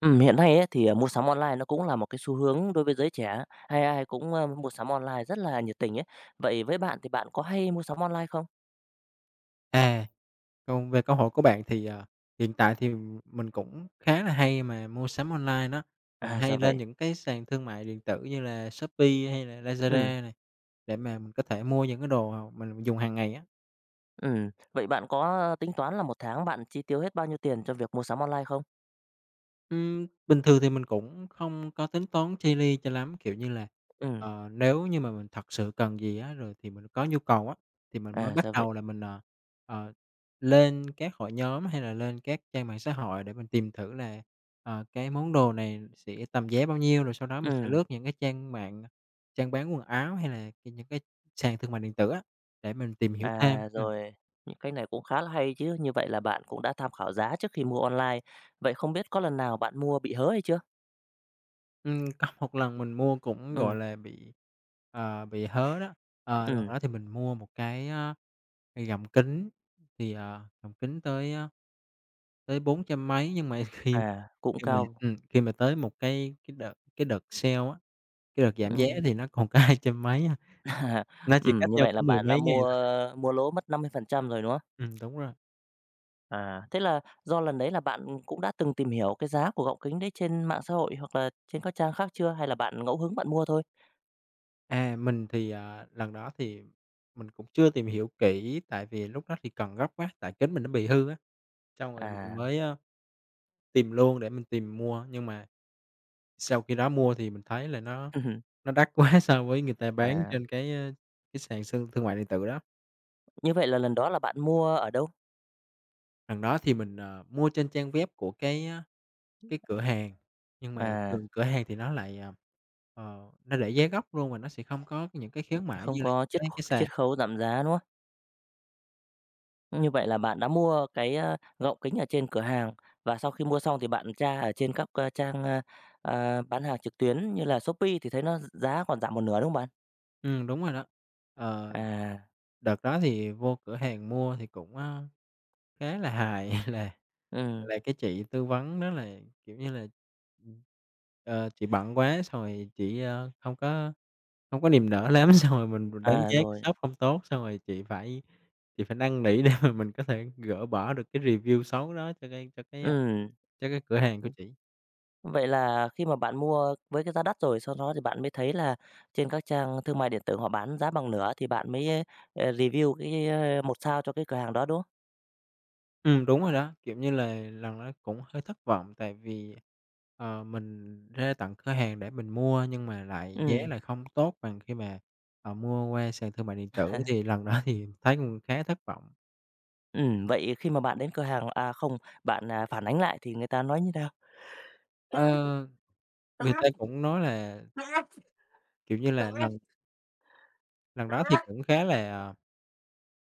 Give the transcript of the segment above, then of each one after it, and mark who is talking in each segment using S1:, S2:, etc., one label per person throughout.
S1: Ừm, hiện nay ấy, thì, ờ, mua sắm online nó cũng là một cái xu hướng đối với giới trẻ, hay ai cũng, a, mua sắm online rất là nhiệt tình ấy, vậy với bạn thì bạn có hay mua sắm online không?
S2: À, còn về cơ hội của bạn thì, à, hiện tại thì mình cũng khá là hay mà mua sắm online đó. Mình
S1: À,
S2: hay
S1: ra vậy.
S2: lên những cái sàn thương mại điện tử như là Shopee hay là
S1: Ừm.
S2: Lazada này, để mà mình có thể mua những cái đồ mà mình mình dùng hàng ngày á.
S1: Ừm. Vậy bạn có tính toán là một tháng bạn chi tiêu hết bao nhiêu tiền cho việc mua sắm online không?
S2: Ừm, bình thường thì mình cũng hông có tính toán chi li cho lắm. Kiểu như là,
S1: Ừm.
S2: ờ, nếu như mà mình thật sự cần gì á, rồi thì mình có nhu cầu á, thì mình mới
S1: À,
S2: bắt
S1: ra vậy.
S2: đầu là mình, ờ, ờ, lên các hội nhóm hay là lên các trang mạng xã hội để mình tìm thử là, ờ, cái món đồ này sẽ tầm giá bao nhiêu, rồi sau đó mình sẽ lướt
S1: Ừm.
S2: những cái trang mạng, trang bán quần áo hay là cái những cái sàn thương mại điện tử á, để mình tìm hiểu thêm.
S1: À,
S2: Ừm.
S1: rồi. Những cái này cũng khá là hay chứ! Như vậy là bạn cũng đã tham khảo giá trước khi mua online. Vậy không biết có lần nào bạn mua bị hớ hay chưa?
S2: Ừm, có một lần mình mua cũng, gọi
S1: Ừm.
S2: là, bị, à, bị hớ đó. Ờ, lần
S1: Ừm.
S2: đó thì mình mua một cái, ơ, gọng kính thì, à, gọng kính tới, ơ, tới bốn trăm mấy nhưng mà khi
S1: À, cũng
S2: khi mà
S1: cao.
S2: ừm, khi mà tới một cái cái đợt cái đợt sale á, cái đợt giảm giá
S1: Ừm.
S2: thì nó còn có hai trăm mấy á.
S1: À.
S2: Nó chỉ
S1: Ừm,
S2: cách
S1: như
S2: nhau
S1: vậy là
S2: có mười
S1: bạn đã
S2: mấy ngày.
S1: mua mua lỗ mất 50% rồi, đúng không?
S2: Ừm, đúng rồi.
S1: À! Thế là do lần đấy là bạn cũng đã từng tìm hiểu cái giá của gọng kính đấy trên mạng xã hội hoặc là trên các trang khác chưa hay là bạn ngẫu hứng bạn mua thôi?
S2: À, mình thì, à, lần đó thì mình cũng chưa tìm hiểu kỹ tại vì lúc đó thì cần gấp quá, tại kính mình nó bị hư á. Xong rồi mình
S1: À.
S2: mới, a, tìm luôn để mình tìm mua nhưng mà sau khi đó mua thì mình thấy là nó
S1: Ừm hưm.
S2: nó đắt quá so với người ta bán
S1: À.
S2: trên cái, a, cái sàn xương thương mại điện tử đó.
S1: Như vậy là lần đó là bạn mua ở đâu?
S2: Lần đó thì mình, ờ, mua trên trang web của cái, ơ, cái cửa hàng nhưng mà
S1: À.
S2: thường cửa hàng thì nó lại, à, ờ, nó để giá gốc luôn và nó sẽ không có những cái khuyến mãi
S1: Không
S2: như là
S1: có
S2: những
S1: chiết
S2: cái cái sàn.
S1: chiết khấu giảm giá, đúng không? Như vậy là bạn đã mua cái, a, gọng kính ở trên cửa hàng, và sau khi mua xong thì bạn tra ở trên các c trang, a, à, bán hàng trực tuyến như là Shopee thì thấy nó gi giá còn giảm một nửa, đúng không bạn?
S2: Ừm, đúng rồi đó. Ờ.
S1: À.
S2: Đợt đó thì vô cửa hàng mua thì cũng, a, khá là hài, là
S1: Ừm.
S2: là cái chị tư vấn đó là, kiểu như là, ừm, ờ, chị bận quá xong rồi chị, a, hông có hông có niềm nở lắm, xong rồi mình mình đánh
S1: À,
S2: giá
S1: rồi.
S2: shop không tốt, xong rồi chị phải chị phải năn nỉ để mà mình có thể gỡ bỏ được cái review xấu đó cho cái cho cái
S1: Ừm.
S2: cho cái cửa hàng của chỉ.
S1: Vậy là khi mà bạn mua với cái giá đắt rồi sau đó thì bạn mới thấy là trên các trang thương mại điện tử họ bán giá bằng nửa thì bạn mới, à, review cái 1 sao cho cái cửa hàng đó, đúng không?
S2: Ừm, đúng rồi đó. Kiểu như là, lần đó cũng hơi thất vọng, tại vì, ờ, mình ra tận cửa hàng để mình mua nhưng mà lại giá
S1: Ừm.
S2: lại không tốt bằng khi mà, ờ, mua qua sàn thương mại điện tử, thì lần đó thì thấy cũng khá thất vọng.
S1: Ừm. Vậy khi mà bạn đến cửa hàng à, không, bạn, à, phản ánh lại thì người ta nói như nào?
S2: Ờ. Người ta cũng nói là kiểu như là, lần lần đó thì cũng khá là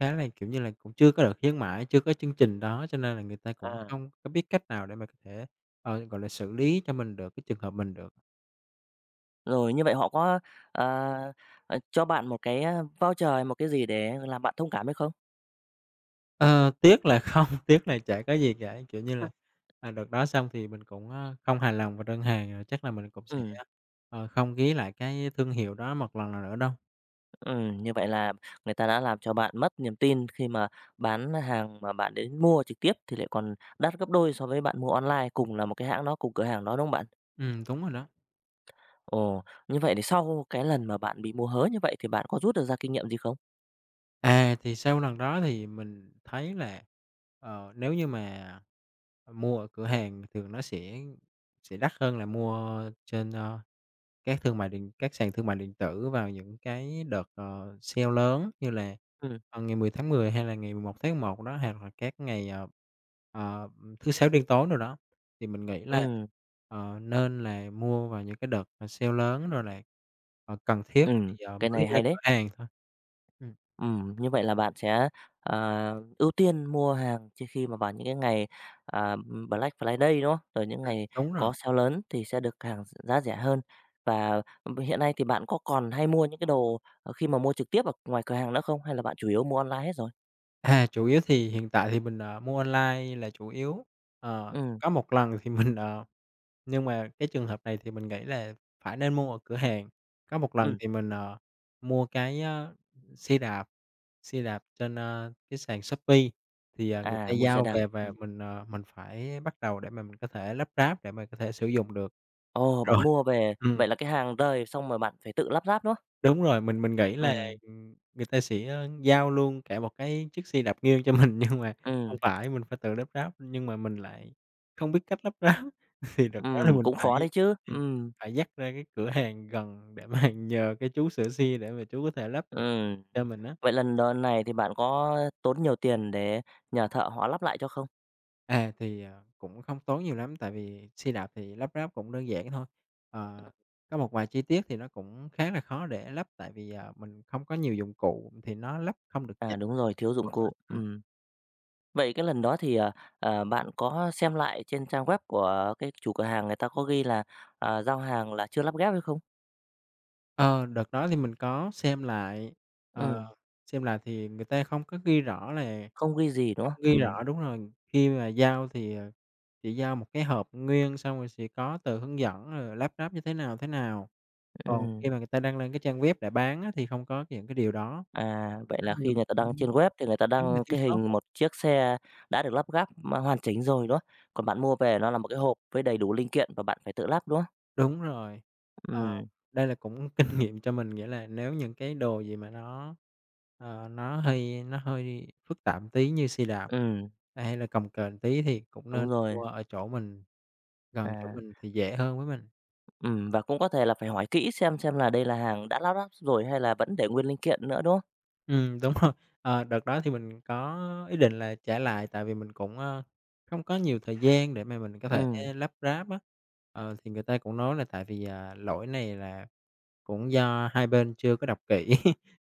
S2: khá là, kiểu như là, cũng chưa có đợt khuyến mãi, chưa có chương trình đó cho nên là người ta cũng
S1: À.
S2: không có biết cách nào để mà có thể, ờ, gọi là, xử lý cho mình được cái trường hợp mình được.
S1: Rồi, như vậy họ có, à, à, cho bạn một cái, a, voucher hay một cái gì để làm bạn thông cảm hay không?
S2: Ờ, tiếc là không, tiếc là chả có gì cả, kiểu như là, à, đợt đó xong thì mình cũng, ơ, không hài lòng về đơn hàng rồi chắc là mình cũng sẽ,
S1: Ừm.
S2: ờ, không ghé lại cái thương hiệu đó một lần nào nữa đâu.
S1: Ừm, như vậy là người ta đã làm cho bạn mất niềm tin khi mà bán hàng mà bạn đến mua trực tiếp thì lại còn đắt gấp đôi so với bạn mua online, cùng là một cái hãng đó cùng cửa hàng đó, đúng không bạn?
S2: Ừm, đúng rồi đó.
S1: Ồ, như vậy thì sau cái lần mà bạn bị mua hớ như vậy thì bạn có rút được ra kinh nghiệm gì không?
S2: À, thì sau lần đó thì mình thấy là, ờ, nếu như mà mua ở cửa hàng thì nó sẽ sẽ đắt hơn là mua trên, a, các thương mại điện các sàn thương mại điện tử vào những cái đợt, ờ, sale lớn như là,
S1: Ừm.
S2: ờ, ngày 10 tháng 10, hay là ngày 11 tháng 11 đó, hoặc là các ngày, ờ, ờ, thứ Sáu đen tối đồ đó, thì mình nghĩ là,
S1: Ừm.
S2: ờ, nên là mua vào những cái đợt, ờ, sale lớn rồi là, ờ, cần thiết thì
S1: Ừm, cái
S2: mới
S1: này
S2: ra
S1: hay đấy!
S2: cửa hàng thôi. Ừm.
S1: Ừm. Như vậy là bạn sẽ, à, ưu tiên mua hàng chỉ khi mà vào những cái ngày, à, Black Friday, đúng hông? Rồi những
S2: Ừm,
S1: ngày
S2: đúng rồi.
S1: có sale lớn thì sẽ được hàng giá rẻ hơn, và hiện nay thì bạn có còn hay mua những cái đồ, ờ, khi mà mua trực tiếp ở ngoài cửa hàng nữa không? Hay là bạn chủ yếu mua online hết rồi?
S2: À, chủ yếu thì hiện tại thì mình, ờ, mua online là chủ yếu. Ờ,
S1: Ừm.
S2: có một lần thì mình, ờ nhưng mà cái trường hợp này thì mình nghĩ là phải nên mua ở cửa hàng. Có một lần
S1: Ừm.
S2: thì mình, ờ, mua cái, ơ, xe đạp xe đạp trên, a, cái sàn Shopee thì, à, người ta
S1: À, mua xe
S2: giao
S1: đạp.
S2: về và
S1: Ừm.
S2: mình, ờ, mình phải bắt đầu để mà mình có thể lắp ráp để mà có thể sử dụng được.
S1: Ồ! Bạn
S2: Rồi.
S1: mua về,
S2: Ừm.
S1: vậy là cái hàng rời, xong rồi bạn phải tự lắp ráp, đúng không?
S2: Đúng rồi, mình mình nghĩ là,
S1: Ừm.
S2: ừm, người ta sẽ, ơ, giao luôn cả một cái chiếc xe đạp nguyên cho mình nhưng mà không
S1: Ừm.
S2: phải, mình phải tự lắp ráp, nhưng mà mình lại không biết cách lắp ráp. Thì đợt đó là
S1: Ừm,
S2: mình
S1: cũng
S2: phải,
S1: khó đấy chứ!
S2: ừm,
S1: Ừm.
S2: phải dắt ra cái cửa hàng gần để mà nhờ cái chú sửa xe để mà chú có thể lắp được
S1: Ừm.
S2: cho mình á.
S1: Vậy lần đ này thì bạn có tốn nhiều tiền để nhờ thợ họ lắp lại cho không?
S2: À, thì, ờ, cũng không tốn nhiều lắm tại vì xe đạp thì lắp ráp cũng đơn giản thôi. Ờ, có một vài chi tiết thì nó cũng khá là khó để lắp tại vì, ờ, mình không có nhiều dụng cụ, thì nó lắp không được chặt.
S1: À, đúng rồi, thiếu dụng
S2: [unintelligible]
S1: cụ,
S2: Ừm.
S1: ừm. Vậy cái lần đó thì, ờ, ờ, bạn có xem lại trên trang web của cái chủ cửa hàng người ta có ghi là, à, giao hàng là chưa lắp ghép hay không?
S2: Ờ, đợt đó thì, mình có xem lại, ờ,
S1: Ừ.
S2: xem lại thì, người ta không có ghi rõ là
S1: Không ghi gì, đúng hông?
S2: không ghi
S1: Ừm.
S2: rõ, đúng rồi. Khi mà giao thì, ờ, chỉ giao một cái hộp nguyên xong rồi sẽ có tờ hướng dẫn rồi lắp ráp như thế nào, thế nào. Còn
S1: Ừm.
S2: khi mà người ta đăng lên cái trang web để bán á, thì không có những cái điều đó.
S1: À, vậy
S2: Nó
S1: là
S2: như là
S1: khi người
S2: một
S1: ta
S2: cái
S1: đăng trên web thì người ta
S2: giống như
S1: đăng
S2: thiếu
S1: cái
S2: sót
S1: hình
S2: [unintelligible]
S1: một chiếc xe đã được lắp ráp hoàn chỉnh rồi, đúng hông? Còn bạn mua về nó là một cái hộp với đầy đủ linh kiện và bạn phải tự lắp, đúng hông?
S2: Đúng rồi, ờ,
S1: Ừm.
S2: đây là cũng kinh nghiệm cho mình. Nghĩa là nếu những cái đồ gì mà nó, ờ, nó hơi nó hơi phức tạp tí như xe đạp
S1: Ừm.
S2: hay là cồng kềnh tí thì cũng nên
S1: Đúng rồi.
S2: mua ở chỗ mình gần chỗ
S1: À.
S2: mình thì dễ hơn với mình.
S1: Ừm, và cũng có thể là phải hỏi kỹ xem xem là đây là hàng đã lắp rồi hay là vẫn để nguyên linh kiện nữa, đúng không?
S2: Ừm, đúng rồi, ờ, đợt đó thì, mình có ý định là trả lại. Tại vì, mình cũng, ơ, không có nhiều thời gian để mà mình có thể
S1: Ừm.
S2: lắp ráp á, ờ, thì người ta cũng nói là, tại vì, ờ, lỗi này là cũng do hai bên chưa có đọc kỹ,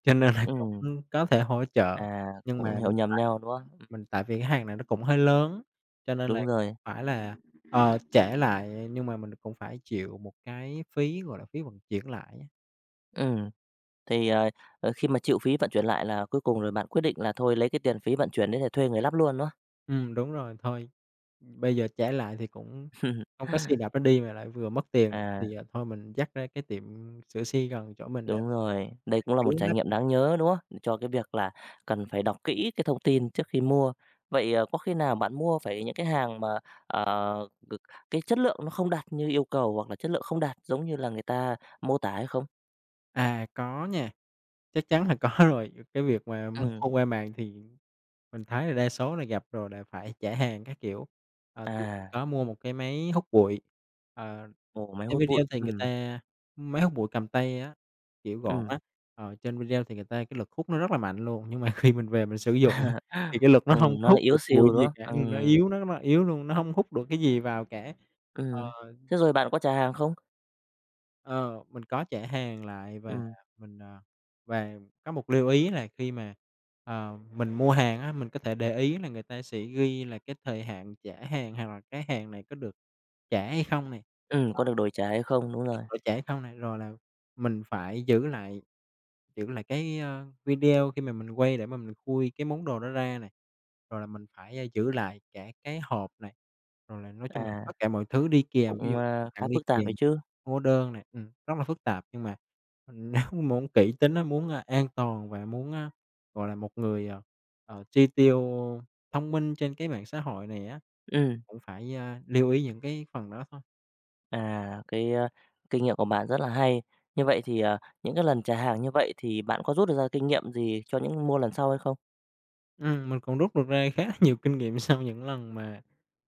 S2: cho nên là
S1: Ừm.
S2: cũng có thể hỗ trợ.
S1: À,
S2: Nhưng
S1: cũng
S2: mà
S1: hiểu
S2: mình
S1: nhầm
S2: phải
S1: nhau, đúng hông? Ừm.
S2: mình tại vì hàng này nó cũng hơi lớn cho nên là
S1: Đúng rồi.
S2: phải là, ờ, trả lại nhưng mà mình cũng phải chịu một cái phí, gọi là, phí vận chuyển lại á.
S1: Ừm, thì, ờ, ờ, khi mà chịu phí vận chuyển lại là cuối cùng rồi bạn quyết định là thôi lấy cái tiền phí vận chuyển đấy để thuê người lắp luôn, đúng không?
S2: Ừm, đúng rồi. Thôi, bây giờ trả lại thì cũng không có xe đạp để đi mà lại vừa mất tiền, thì,
S1: À.
S2: ờ, thôi mình dắt ra cái tiệm sửa xe gần chỗ mình để
S1: Đúng
S2: mà
S1: rồi, đây cũng là một
S2: cứu
S1: trải
S2: nó.
S1: nghiệm đáng nhớ, đúng không? Cho cái việc là cần phải đọc kỹ cái thông tin trước khi mua. Vậy, ờ, có khi nào bạn mua phải những cái hàng mà, ờ, c cái chất lượng nó không đạt như yêu cầu hoặc là chất lượng không đạt giống như là người ta mô tả hay không?
S2: À, có nha, chắc chắn là có rồi. Cái việc mà m
S1: Ừm.
S2: thông qua mạng thì mình thấy là đa số là gặp rồi, là phải trả hàng các kiểu. Ờ, thì mình
S1: À.
S2: có mua một cái máy hút bụi, ờ,
S1: Ồ, máy
S2: trên
S1: hút
S2: video
S1: bụi.
S2: thì người
S1: Ừm.
S2: ta máy hút bụi cầm tay á, kiểu gọn
S1: Ừm.
S2: á, ờ, trên video thì người ta cái lực hút nó rất là mạnh luôn. Nhưng mà khi mình về mình sử dụng á, thì cái lực nó
S1: Ừ,
S2: không
S1: nó
S2: có
S1: lại
S2: hút
S1: yếu
S2: được bụi
S1: xìu, đúng
S2: gì
S1: không?
S2: cả, nhìn nó
S1: Ừm.
S2: yếu nó nó yếu luôn, nó hông hút được cái gì vào cả, ờ.
S1: Ừm, thế rồi bạn có trả hàng không?
S2: Ờ, mình có trả hàng lại và
S1: Ừm.
S2: mình, à và có một lưu ý là khi mà, ờ, mình mua hàng á, mình có thể để ý là người ta sẽ ghi là cái thời hạn trả hàng hoặc là cái hàng này có được trả hay không nè.
S1: Ừm,
S2: Đó.
S1: có được đổi trả hay không, đúng
S2: Được
S1: rồi.
S2: đổi trả hay không nè, rồi là mình phải giữ lại giữ lại cái, ơ, video khi mà mình quay để mà mình khui cái món đồ đó ra này, rồi là mình phải giữ lại cả cái hộp này, rồi là nói chung là
S1: À,
S2: tất cả mọi thứ đi kèm. Ví dụ
S1: cũng, a, khá
S2: tặng đi
S1: phức tạp
S2: kèm,
S1: ấy chứ.
S2: hóa đơn nè ừm, rất là phức tạp. Nhưng mà, ừm, nếu muốn kỹ tính á, muốn, à, an toàn và muốn, a, gọi là một người, ờ, ờ, chi tiêu thông minh trên cái mạng xã hội này á,
S1: Ừm.
S2: cũng phải, a, lưu ý những cái phần đó thôi.
S1: À, cái kinh nghiệm của bạn rất là hay. Như vậy thì, à, những cái lần trả hàng như vậy, thì bạn có rút ra kinh nghiệm gì cho những mua lần sau hay không?
S2: Ừm, mình còn rút được ra khá là nhiều kinh nghiệm sau những lần mà,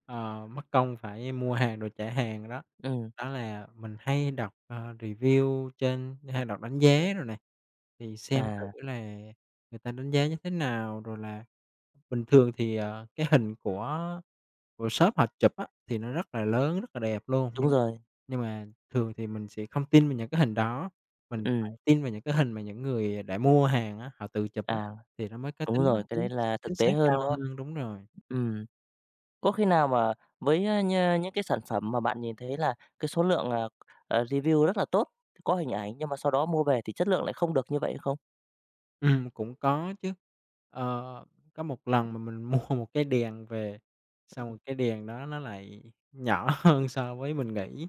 S2: ờ, mất công phải mua hàng rồi trả hàng đó.
S1: Ừm.
S2: Đó là mình hay đọc, à, review trên hay đọc đánh giá rồi nè. Thì xem thử
S1: À.
S2: là người ta đánh giá như thế nào, rồi là bình thường thì, ờ, cái hình của của shop họ chụp á, thì nó rất là lớn rất là đẹp luôn,
S1: Đúng
S2: nhưng
S1: rồi.
S2: nhưng mà thường thì mình sẽ không tin vào những cái hình đó, mình phải
S1: Ừm.
S2: tin vào những cái hình mà những người đã mua hàng á họ tự chụp á,
S1: À,
S2: thì nó mới có
S1: đúng
S2: tính
S1: rồi, cái đấy
S2: chính
S1: là
S2: chính
S1: thực tế
S2: xác cao
S1: hơn, đúng hông?
S2: hơn. Đúng rồi.
S1: Ừm, có khi nào mà với nh những cái sản phẩm mà bạn nhìn thấy là cái số lượng, à, à, review rất là tốt, có hình ảnh, nhưng mà sau đó mua về thì chất lượng lại không được như vậy không?
S2: Ừm, cũng có chứ. Ơ, có một lần mà mình mua một cái đèn về, xong rồi
S1: Ừm.
S2: cái đèn đó nó lại nhỏ hơn so với mình nghĩ.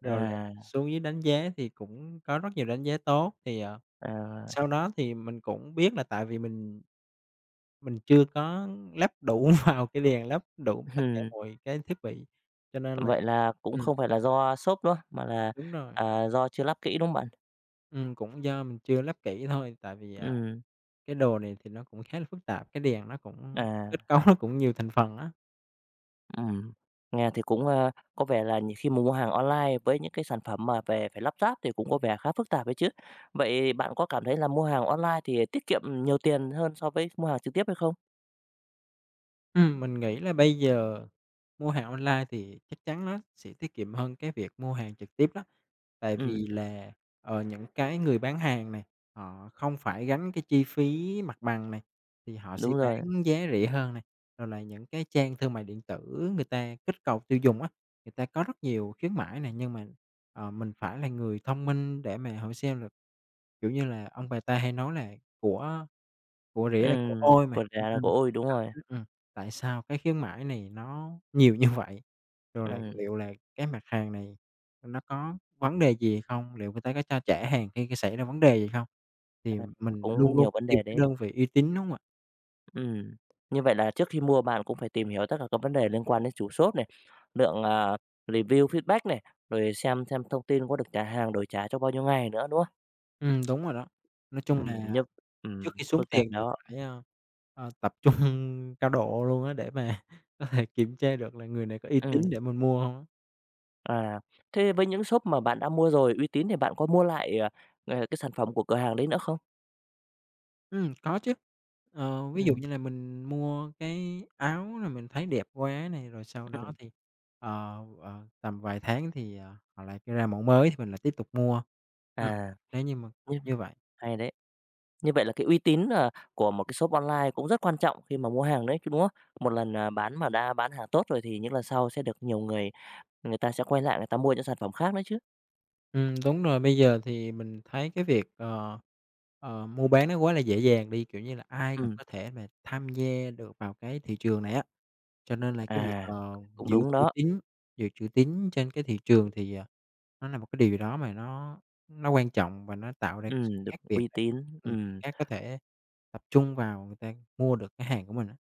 S2: Rồi lại
S1: À.
S2: xuống dưới đánh giá thì cũng có rất nhiều đánh giá tốt, thì, ờ,
S1: À.
S2: sau đó, thì mình cũng biết là tại vì mình mình chưa có lắp đủ vào cái đèn, lắp đủ tất cả
S1: Ừm
S2: mọi cái thiết bị, cho nên là
S1: Vậy là cũng
S2: ừm.
S1: không phải là do shop nữa, mà là,
S2: Đúng rồi.
S1: à, do chưa lắp kỹ, đúng không bạn?
S2: Ừm, cũng do mình chưa lắp kỹ thôi tại vì, à,
S1: Ừm.
S2: cái đồ này thì nó cũng khá là phức tạp, cái đèn nó cũng kết
S1: À.
S2: cấu nó cũng nhiều thành phần á.
S1: Ừm. Nghe thì cũng, a, có vẻ là nhiều khi mà mua hàng online với những cái sản phẩm mà về phải lắp ráp thì cũng có vẻ khá phức tạp đấy chứ. Vậy bạn có cảm thấy là mua hàng online thì tiết kiệm nhiều tiền hơn so với mua hàng trực tiếp hay không?
S2: Ừm, mình nghĩ là bây giờ mua hàng online thì chắc chắn nó sẽ tiết kiệm hơn cái việc mua hàng trực tiếp đó, tại
S1: Ừm.
S2: vì là, ờ, những cái người bán hàng này họ không phải gánh cái chi phí mặt bằng này thì họ sẽ
S1: Đúng rồi.
S2: bán giá rẻ hơn này, rồi là những cái trang thương mại điện tử người ta kích cầu tiêu dùng á, người ta có rất nhiều khuyến mãi nè. Nhưng mà, ờ, mình phải là người thông minh để mà hỏi xem là, kiểu như là, ông bà ta hay nói là "Của của rẻ là của
S1: Ừm,
S2: ôi" mà,
S1: của rẻ
S2: cho
S1: là của
S2: nên
S1: ôi, đúng
S2: đặt
S1: rồi.
S2: dưới ừm, tại sao cái khuyến mãi này nó nhiều như vậy? Rồi là
S1: Ừm.
S2: liệu là cái mặt hàng này nó có vấn đề gì không? Liệu người ta có cho trả hàng khi xảy ra vấn đề gì không?
S1: [unintelligible] À,
S2: Thì
S1: là
S2: mình
S1: cũng
S2: luôn luôn
S1: nhiều
S2: phải
S1: vấn
S2: tìm
S1: đề
S2: cái
S1: đấy.
S2: đơn vị uy tín, đúng hông ạ?
S1: Ừm. Như vậy là trước khi mua bạn cũng phải tìm hiểu tất cả các vấn đề liên quan đến chủ shop này, lượng, à, review, feedback này, rồi xem xem thông tin có được trả hàng, đổi trả trong bao nhiêu ngày nữa, đúng không?
S2: Ừm, đúng rồi đó. Nói chung
S1: Ừm,
S2: là
S1: nh
S2: trước
S1: ừm,
S2: khi xuống
S1: phức
S2: tiền
S1: tạp
S2: thì
S1: đó.
S2: phải, a, à, tập trung cao độ luôn á, để mà có thể kiểm tra được là người này có uy tín
S1: Ừm.
S2: để mình mua hông á.
S1: À. Thế với những shop mà bạn đã mua rồi uy tín thì bạn có mua lại, à, à, cái sản phẩm của cửa hàng đấy nữa không?
S2: Ừm, có chứ. Ờ, ví dụ
S1: Ừm.
S2: như là mình mua cái áo này mình thấy đẹp quá này, rồi sau đó
S1: Ừm.
S2: thì, ờ, ờ, tầm vài tháng thì, ờ, họ lại cho ra mẫu mới thì mình lại tiếp tục mua. Ừm.
S1: À,
S2: Nếu như mà
S1: nh
S2: kiểu như vậy.
S1: hay đấy. Như vậy là cái uy tín, ờ, của một cái shop online cũng rất quan trọng khi mà mua hàng đấy chứ, đúng không? Một lần, à, bán mà đã bán hàng tốt rồi thì những lần sau sẽ được nhiều người người ta sẽ quay lại người ta mua những sản phẩm khác nữa chứ.
S2: Ừm, đúng rồi, bây giờ thì mình thấy cái việc, ờ, ờ, mua bán nó quá là dễ dàng đi, kiểu như là, ai cũng
S1: Ừm.
S2: có thể mà tham gia được vào cái thị trường này á. Cho nên là cái việc,
S1: À.
S2: ờ,
S1: Cũng
S2: giữ
S1: đúng
S2: chữ
S1: đó.
S2: tín giữ chữ tín trên cái thị trường thì, ờ, nó là một cái điều gì đó mà nó nó quan trọng và nó tạo ra sự
S1: Ừm, được
S2: khác biệt
S1: uy
S2: để,
S1: tín,
S2: ừm
S1: ừm.
S2: khác có thể tập trung vào người ta mua được cái hàng của mình á.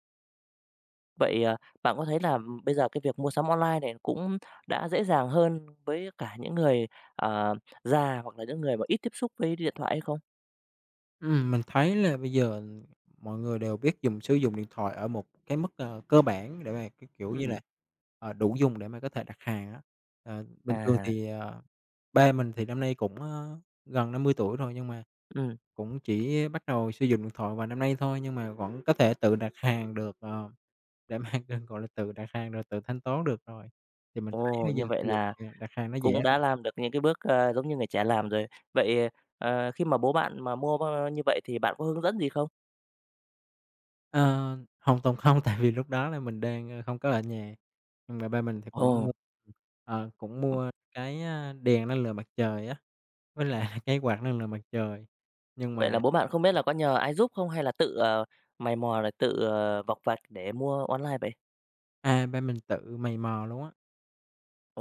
S1: Vậy, ờ, bạn có thấy là, ừm, bây giờ cái việc mua sắm online này cũng đã dễ dàng hơn với cả những người, ờ, già hoặc là những người mà ít tiếp xúc với điện thoại hay không?
S2: Ừm, mình thấy là bây giờ, ừm, mọi người đều biết dùng sử dụng điện thoại ở một cái mức c cơ bản để mà cái kiểu như là,
S1: Ừm.
S2: ờ, đủ dùng để mà có thể đặt hàng á. Ờ, bình thường
S1: À.
S2: thì, ờ ba mình thì năm nay cũng, ơ, gần 50 tuổi rồi, nhưng mà
S1: Ừm.
S2: cũng chỉ bắt đầu sử dụng điện thoại vài năm nay thôi, nhưng mà vẫn có thể tự đặt hàng được, ờ, để mà đ gọi là, tự đặt hàng rồi tự thanh toán được rồi. Thì mình thấy
S1: Ồ,
S2: bây giờ
S1: như vậy
S2: cái
S1: là
S2: việc, ờ, đặt hàng nó dễ
S1: cũng
S2: hơn.
S1: đã làm được những cái bước, ơ, giống như người trẻ làm rồi. Vậy, ờ, khi mà bố bạn mà mua, ơ, như vậy thì bạn có hướng dẫn gì không?
S2: Ờ, hoàn toàn không, tại vì lúc đó là mình đang, ơ, không có ở nhà. Nhưng mà ba mình thì cũng
S1: Ồ!
S2: mua, ờ, cũng mua cái, a, đèn năng lượng mặt trời á, với lại cái quạt năng lượng mặt trời, nhưng
S1: Vậy là
S2: mà
S1: bố bạn không biết là có nhờ ai giúp không, hay là tự, ờ, mày mò rồi tự, ờ, vọc vạch để mua online vậy?
S2: À, ba mình tự mày mò luôn á.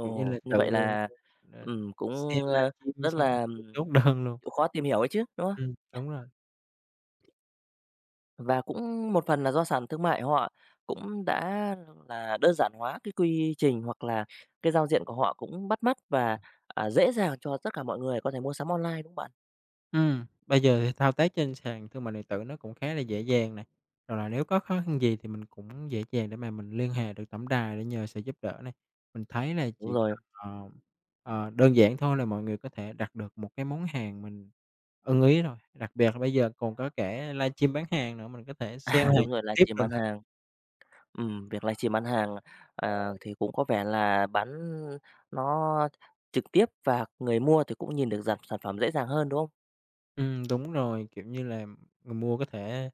S2: Kiểu như là
S1: như vậy
S2: tự,
S1: là,
S2: ờ, là
S1: ừm,
S2: xem
S1: cũng, ơ,
S2: livestream
S1: rất
S2: xong
S1: là,
S2: tự
S1: ừm,
S2: chốt đơn luôn.
S1: chịu khó tìm hiểu ấy chứ, đúng không?
S2: Ừm. Đúng rồi.
S1: Và cũng một phần là do sàn thương mại họ cũng đã là đơn giản hóa cái quy trình, hoặc là cái giao diện của họ cũng bắt mắt và, ờ, dễ dàng cho tất cả mọi người có thể mua sắm online, đúng không bạn?
S2: Ừm. Bây giờ thì thao tác trên sàn thương mại điện tử nó cũng khá là dễ dàng này, rồi là nếu có khó khăn gì thì mình cũng dễ dàng để mà mình liên hệ được tổng đài để nhờ sự giúp đỡ này. Mình thấy là
S1: Đúng
S2: chỉ
S1: rồi.
S2: cần, ờ, ờ, đơn giản thôi là mọi người có thể đặt được một cái món hàng mình ưng ý thôi, đặc biệt là bây giờ còn có cả livestream bán hàng nữa, mình có thể sale
S1: À,
S2: hàng
S1: đúng rồi,
S2: trực tiếp
S1: livestream
S2: đồ
S1: bán
S2: nữa.
S1: hàng. Ừm, việc livestream bán hàng, à, thì cũng có vẻ là bán nó trực tiếp và người mua thì cũng nhìn được dàn sản phẩm dễ dàng hơn, đúng không?
S2: Ừm, đúng rồi, kiểu như là, người mua có thể,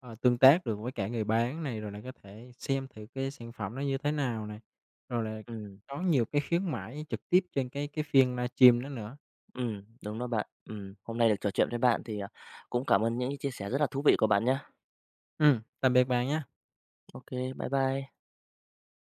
S2: ờ, tương tác được với cả người bán này, rồi lại có thể xem thử cái sản phẩm đó như thế nào này, rồi là
S1: Ừm.
S2: có nhiều cái khuyến mãi trực tiếp trên cái cái phiên livestream đó nữa.
S1: Ừm, đúng rồi bạn. Ừm, hôm nay được trò chuyện với bạn thì, ờ, cũng cảm ơn những cái chia sẻ rất là thú vị của bạn nha.
S2: Ừm. Tạm biệt bạn nha.
S1: Ô kê, bye bye.